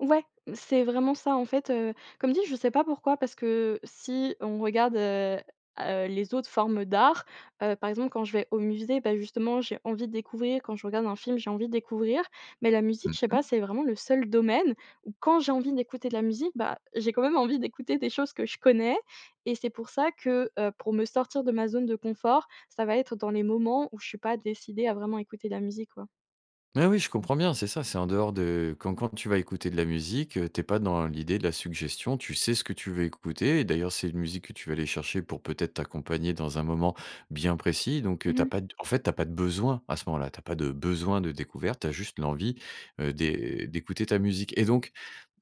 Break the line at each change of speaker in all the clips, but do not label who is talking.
Ouais, c'est vraiment ça, en fait, heu, comme dit, je sais pas pourquoi. Parce que si on regarde, heu heu, les autres formes d'art, heu, par exemple, quand je vais au musée, bah, justement j'ai envie de découvrir, quand je regarde un film, j'ai envie de découvrir, mais la musique,
Mmh
je sais pas,
mh.
c'est vraiment le seul domaine où quand j'ai envie d'écouter de la musique, bah, j'ai quand même envie d'écouter des choses que je connais et c'est pour ça que, heu, pour me sortir de ma zone de confort, ça va être dans les moments où je suis pas décidée à vraiment écouter de la musique, quoi.
Mais oui, je comprends bien, c'est ça, c'est en dehors de quand quand tu vas écouter de la musique, heu, tu es pas dans l'idée de la suggestion, tu sais ce que tu veux écouter et d'ailleurs c'est une musique que tu vas aller chercher pour peut-être t'accompagner dans un moment bien précis donc, heu,
Mmh
tu as
mh.
pas d en fait, tu as pas de besoin à ce moment-là, tu as pas de besoin de découverte, tu as juste l'envie, heu, d'é d'écouter ta musique et donc,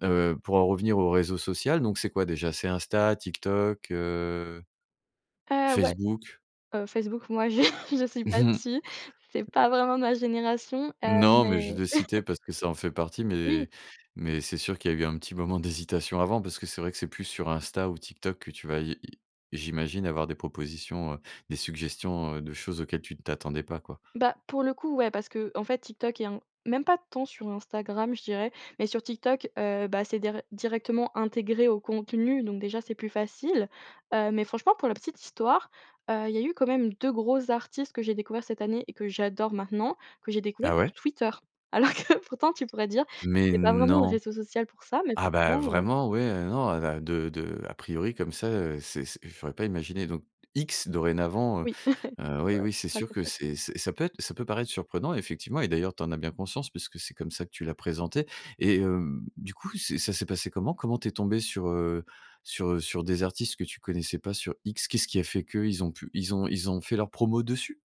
heu, pour en revenir au réseau social donc c'est quoi, déjà? C'est Insta, TikTok, heu
Heu, ouais!
...Facebook?
Heu, Facebook, moi, je je suis pas dessus, c'est pas vraiment ma génération, heu,
Non, mais je
mais
l'ai cité parce que ça en fait partie
Oui.
mais mais c'est sûr qu'il y a eu un petit moment d'hésitation avant, parce que c'est vrai que c'est plus sur Insta ou TikTok que tu vas i i j'imagine, avoir des propositions, heu, des suggestions, heu, de choses auxquelles, tu ne t'attendais pas, quoi.
Bah, pour le coup, ouais, parce qu'en fait, TikTok et In même pas tant sur Instagram je dirais, mais sur TikTok, heu, bah, c'est déré directement intégré au contenu, donc, déjà, c'est plus facile, heu, mais franchement pour la petite histoire, heu, il y a eu quand même 2 gros artistes que j'ai découverts cette année et que j'adore maintenant, que j'ai découverts
Ah
sur
ouais?
Twitter. Alors que pourtant tu pourrais dire,
Mais
c'est pas vraiment le
non!
réseau social pour ça, mais
Ah bah,
franchement, heu
vraiment, ouais, heu, non, a da de de a priori comme ça, heu, c'est se je l'aurais pas imaginé donc X, dorénavant, heu
Oui, c'est
heu, oui,
vrai,
oui,
j'ai
c'est
pas le
sûr que
réflexe.
c'est c'est ça peut être ça peut paraître surprenant, effectivement et d'ailleurs, tu en as bien conscience puisque c'est comme ça que tu l'as présenté et hem, du coup, c'est ça s'est passé comment? Comment tu es tombée sur, heu, sur, heu, sur des artistes que tu connaissais pas sur X? Qu'est-ce qui a fait que? Ils ont pu ils ont ils ont fait leur promo dessus?